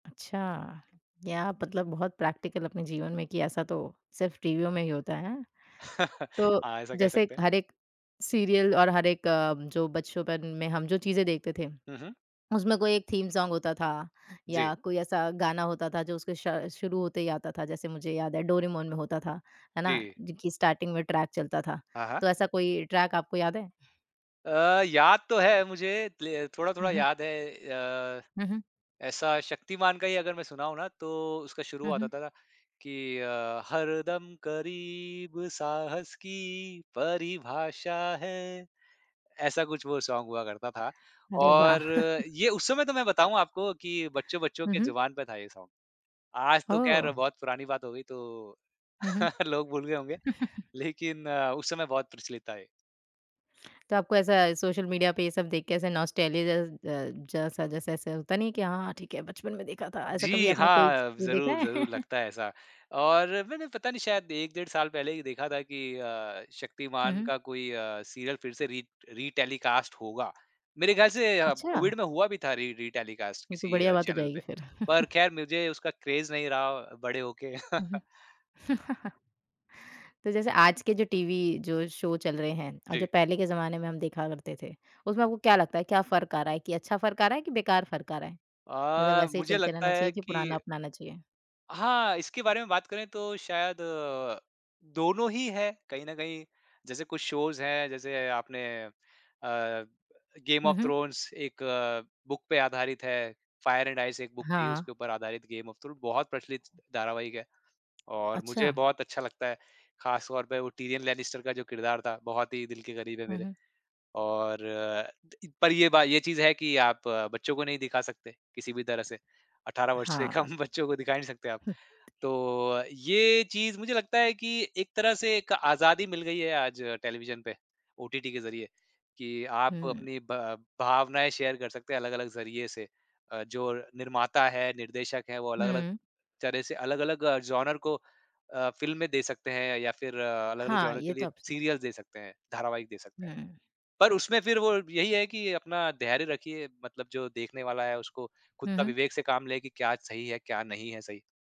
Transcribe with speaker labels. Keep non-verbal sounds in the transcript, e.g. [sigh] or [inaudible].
Speaker 1: अच्छा। क्या आप मतलब बहुत प्रैक्टिकल अपने जीवन में कि ऐसा तो सिर्फ़ टीवियों में ही होता हैं।
Speaker 2: [chuckles]
Speaker 1: तो
Speaker 2: हाँ, ऐसा कह
Speaker 1: जैसे
Speaker 2: सकते हैं।
Speaker 1: हर एक सीरियल और हर एक अ, जो बचपन में हम जो चीजें देखते थे,
Speaker 2: हुँ, हुँ।
Speaker 1: उसमें कोई एक थीम सॉन्ग होता था,
Speaker 2: जी।
Speaker 1: या कोई ऐसा गाना होता था जो उसके श शुरू होते ही आता था। जैसे मुझे याद है डोरेमॉन में होता था, है ना,
Speaker 2: जी।
Speaker 1: जिनकी स्टार्टिंग में ट्रैक चलता था।
Speaker 2: हाँ, हाँ।
Speaker 1: तो ऐसा कोई ट्रैक आपको याद है?
Speaker 2: अ, याद तो है मुझे ले
Speaker 1: हुँ,
Speaker 2: थोड़ा-थोड़ा
Speaker 1: हुँ।
Speaker 2: याद है। अ,
Speaker 1: हुँ, हुँ।
Speaker 2: ऐसा शक्तिमान का ही अगर मैं सुनाऊँ ना, तो उसका
Speaker 1: हुँ,
Speaker 2: शुरुआत
Speaker 1: हुँ।
Speaker 2: आता था कि अ, हरदम करीब साहस की परिभाषा है, ऐसा कुछ वो सॉन्ग हुआ करता था,
Speaker 1: अरे
Speaker 2: और
Speaker 1: वाह! [chuckles]
Speaker 2: ये उस समय तो मैं बताऊँ आपको कि बच्चों-बच्चों
Speaker 1: हुँ,
Speaker 2: के
Speaker 1: हुँ।
Speaker 2: जुबान पे था ये सॉन्ग। आज तो खैर
Speaker 1: ओह!
Speaker 2: बहुत पुरानी बात हो गई तो
Speaker 1: हुँ, हुँ।
Speaker 2: [chuckles] लोग भूल गए होंगे,
Speaker 1: [chuckles]
Speaker 2: लेकिन अ, उस समय बहुत प्रचलित था ये।
Speaker 1: तो आपको ऐसा सोशल मीडिया पे ये सब देख के ऐसा नॉस्टैलजिया जैस अ, जासा जैसा ऐसा होता नहीं कि हाँ, हाँ, ठीक है बचपन में देखा था, ऐसा कभी
Speaker 2: जी,
Speaker 1: आपने कोई च
Speaker 2: हाँ,
Speaker 1: देखा
Speaker 2: ज़रूर,
Speaker 1: है?
Speaker 2: ज़रूर
Speaker 1: [chuckles]
Speaker 2: लगता है ऐसा। और मैंने पता नहीं शायद 1, डेढ़ साल पहले ही देखा था कि अ,
Speaker 1: हुँ,
Speaker 2: शक्तिमान
Speaker 1: हुँ।
Speaker 2: का कोई अ, सीरियल फिर से रीट रीटेलीकास्ट होगा। मेरे ख्याल से अ,
Speaker 1: अच्छा।
Speaker 2: कोविड में हुआ भी था री रीटेलीकास्ट
Speaker 1: ये तो
Speaker 2: किसी
Speaker 1: बढ़िया
Speaker 2: अ,
Speaker 1: बात हो
Speaker 2: चैनल
Speaker 1: जाएगी
Speaker 2: पे,
Speaker 1: फिर।
Speaker 2: पर
Speaker 1: [chuckles]
Speaker 2: खैर मुझे उसका क्रेज़ नहीं रहा बड़े होके।
Speaker 1: हुँ, हुँ।
Speaker 2: [chuckles]
Speaker 1: [chuckles] तो जैसे आज के जो टीवी जो शो चल रहे हैं और जो
Speaker 2: जी।
Speaker 1: पहले के ज़माने में हम देखा करते थे, उसमें आपको क्या लगता है, क्या फ़र्क आ रहा है कि अच्छा फ़र्क आ रहा है, कि बेकार फ़र्क आ रहा है? मतलब
Speaker 2: अ,
Speaker 1: वैसे ही
Speaker 2: मुझे
Speaker 1: चलते
Speaker 2: लगता
Speaker 1: रहना
Speaker 2: है
Speaker 1: चाहिए, कि पुराना
Speaker 2: कि
Speaker 1: अपनाना चाहिए?
Speaker 2: हाँ, इसके बारे में बात करें तो शायद अ, दोनों ही हैं कहीं न कहीं। जैसे कुछ शोज़ हैं, जैसे आपने अ, गेम
Speaker 1: हुँ,
Speaker 2: ऑफ
Speaker 1: हुँ।
Speaker 2: थ्रोन्स एक अ, बुक पे आधारित है, फायर एंड आइस एक बुक थी,
Speaker 1: हाँ।
Speaker 2: उसके ऊपर आधारित गेम ऑफ थ्रो बहुत प्रचलित धारावाहिक है, और मुझे
Speaker 1: अच्छा।
Speaker 2: बहुत अच्छा लगता है, खास तौर पे वो टिरियन लैनिस्टर का जो किरदार था, बहुत ही दिल के करीब है
Speaker 1: हुँ,
Speaker 2: मेरे।
Speaker 1: हुँ।
Speaker 2: और त इ पर ये बा ये चीज़ है कि आप बच्चों को नहीं दिखा सकते किसी भी तरह से, 18 वर्ष से
Speaker 1: हाँ।
Speaker 2: कम बच्चों को दिखा ही नहीं सकते आप।
Speaker 1: हुँ।
Speaker 2: तो अ, ये चीज़ मुझे लगता है कि एक तरह से एक आज़ादी मिल गई है आज टेलिविज़न पे ओटीटी के ज़रिए, कि आप
Speaker 1: हुँ।
Speaker 2: अपनी ब भावनाएँ शेयर कर सकते हैं अलग-अलग ज़रिए से। अ, जो निर्माता है, निर्देशक है, वो अलग-अलग
Speaker 1: हुँ।
Speaker 2: तरह से अलग-अलग अ, जॉन्रा को अ, फ़िल्में दे सकते हैं या फिर अ, अलग-अलग
Speaker 1: हाँ,
Speaker 2: जॉन्रा
Speaker 1: ये
Speaker 2: के
Speaker 1: तो
Speaker 2: लिए
Speaker 1: आप सही कहा।
Speaker 2: सिरियल्स दे सकते हैं, धारावाहिक दे सकते हैं।
Speaker 1: हुँ।
Speaker 2: पर उसमें फिर वो यही है कि अपना धैर्य रखिए, मतलब जो देखने वाला है, उसको खुद
Speaker 1: हुँ,
Speaker 2: का
Speaker 1: हुँ।
Speaker 2: विवेक से काम ले कि क्या सही है, क्या नहीं है सही।